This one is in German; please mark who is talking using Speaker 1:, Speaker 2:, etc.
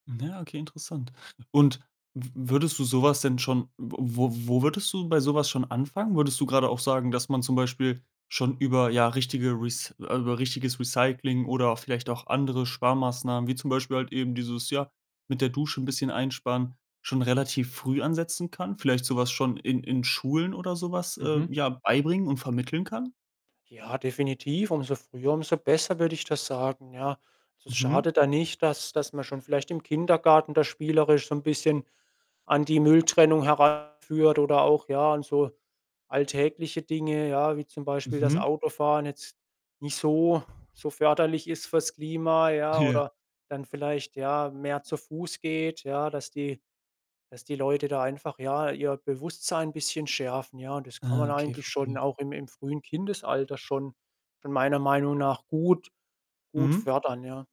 Speaker 1: Hm, ja, okay, interessant. Und w würdest du so was denn schon w wo wo würdest du bei so was schon anfangen? Würdest du grade auch sagen, dass man zum Beispiel schon über, ja, richtige Rec äh, über richtiges Recycling, oder auch vielleicht auch andere Sparmaßnahmen, wie zum Beispiel halt eben dieses, ja, mit der Dusche ‘n bisschen einsparen, schon relativ früh ansetzen kann? Vielleicht so was schon in in Schulen oder so was, äh,
Speaker 2: Mhm.
Speaker 1: ja, beibringen und vermitteln kann?
Speaker 2: Ja, definitiv, umso früher, umso besser, würde ich das sagen, ja? Also, es
Speaker 1: Mhm.
Speaker 2: schadet da nicht, dass dass man schon vielleicht im Kindergarten da spielerisch so ‘n bisschen an die Mülltrennung heranführt oder auch ja, an so alltägliche Dinge, ja, wie zum Beispiel, dass
Speaker 1: Mhm.
Speaker 2: Autofahren jetzt nicht so so förderlich ist fürs Klima, ja.
Speaker 1: Ja.
Speaker 2: Oder dann vielleicht, ja, mehr zu Fuß geht, ja, dass die dass die Leute da einfach, ja, ihr Bewusstsein bisschen schärfen, ja, und das kann
Speaker 1: Ah,
Speaker 2: man
Speaker 1: okay,
Speaker 2: eigentlich schon
Speaker 1: verstehe.
Speaker 2: auch im im frühen Kindesalter schon schon meiner Meinung nach, gut gut
Speaker 1: Mhm.
Speaker 2: fördern, ja.